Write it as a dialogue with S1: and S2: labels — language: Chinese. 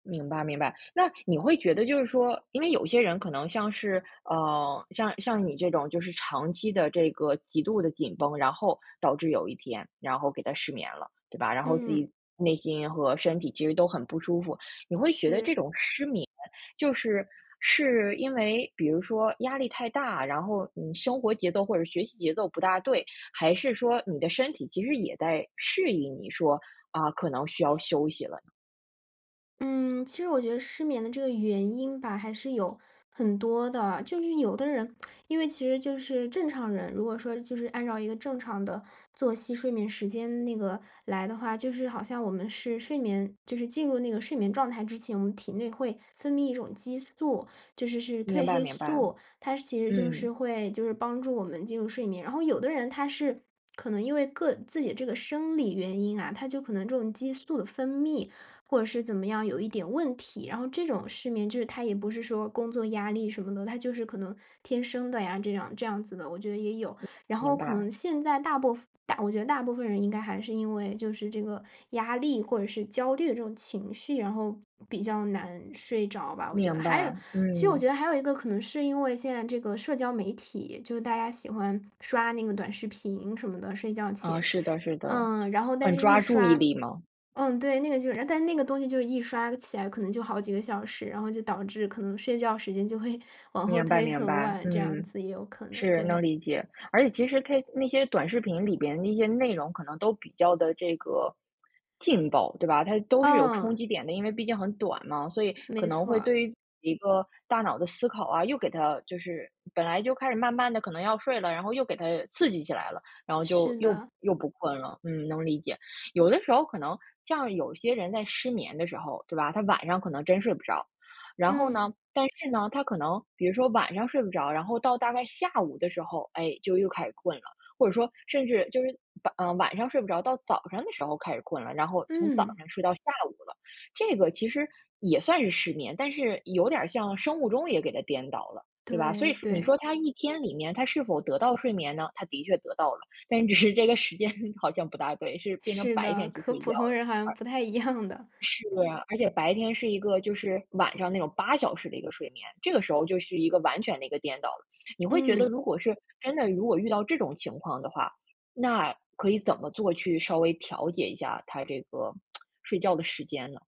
S1: 明白明白。那你会觉得就是说，因为有些人可能像是，呃，像像你这种就是长期的这个极度地紧绷，然后导致有一天，然后给它失眠了，对吧，然后自
S2: 嗯。
S1: 己内心和身体其实都很不舒服。你会觉得这
S2: 是。
S1: 种失眠，就是是因为比如说压力太大，然后你生活节奏或者学习节奏不大对，还是说，你的身体其实也在适应你说，啊，可能需要休息了呢。
S2: 嗯，其实我觉得失眠的这个原因吧，还是有很多的。就是有的人因为其实就是正常人，如果说就是按照一个正常的作息睡眠时间那个来的话，就是好像我们是睡眠，就是进入那个睡眠状态之前，我们体内会分泌一种激素，就是是褪
S1: 明白
S2: 黑
S1: 明白。
S2: 素。它其实就是
S1: 嗯。
S2: 会就是帮助我们进入睡眠。然后有的人他是可能因为个自己这个生理原因啊，他就可能这种激素的分泌，或者是怎么样有一点问题，然后这种失眠就是他也不是说工作压力什么的，他就是可能天生的呀这样这样子的，我觉得也有。
S1: 明白
S2: 然
S1: 明
S2: 后可
S1: 白。
S2: 能现在大部分我觉得大部分人应该还是因为就是这个压力或者是焦虑这种情绪，然后比较难睡着吧，我觉得。
S1: 明
S2: 还有，
S1: 白，
S2: 其实我觉
S1: 嗯。
S2: 得还有一个可能是因为现在这个社交媒体，就是大家喜欢刷那个短视频什么的，睡觉
S1: 呃，
S2: 前，
S1: 是的是的。
S2: 呃，然后但
S1: 很
S2: 是一
S1: 抓注意
S2: 刷
S1: 力嘛。
S2: 嗯，对，那个就是。但是那个东西就一刷起来可能就好几个小时，然后就导致可能睡觉时间就会往后
S1: 明白
S2: 推
S1: 明
S2: 很
S1: 白。
S2: 晚这样
S1: 嗯，
S2: 子，也有可能，
S1: 是，能
S2: 对。
S1: 理解，而且其实它那些短视频里边的一些内容，可能都比较的这个劲爆，对吧？它都是有冲
S2: 嗯。
S1: 击点的，因为毕竟很短嘛，所以可
S2: 没
S1: 能
S2: 错
S1: 会
S2: 儿。
S1: 对于一个大脑的思考啊，又给它就是本来就开始慢慢地可能要睡了，然后又给它刺激起来了，然后就
S2: 是
S1: 又
S2: 的。
S1: 又不困了。嗯，能理解。有的时候可能像有些人在失眠的时候，对吧，他晚上可能真睡不着。然后呢，
S2: 嗯。
S1: 但是呢，他可能比如说晚上睡不着，然后到大概下午的时候，哎，就又开始困了，或者说甚至就是嗯，晚上睡不着，到早上的时候开始困了，然后从早
S2: 嗯。
S1: 上睡到下午了。这个其实也算是失眠，但是有点儿像生物钟也给它颠倒了，对吧？所以
S2: 对，
S1: 你
S2: 对。
S1: 说他一天里面是否得到睡眠呢，他的确得到了，但是只是这个时间好像不大对，是变成
S2: 是
S1: 白
S2: 的，
S1: 天去
S2: 和
S1: 睡
S2: 普
S1: 觉
S2: 通
S1: 了。
S2: 人好像
S1: 啊。
S2: 不太一样的。
S1: 是，而且白天是一个就是晚上那种8小时的一个睡眠，这个时候就是一个完全的一个颠倒了。你会觉得
S2: 嗯。
S1: 如果是，真的如果遇到这种情况的话，那可以怎么做去稍微调节一下它这个 睡觉的时间呢？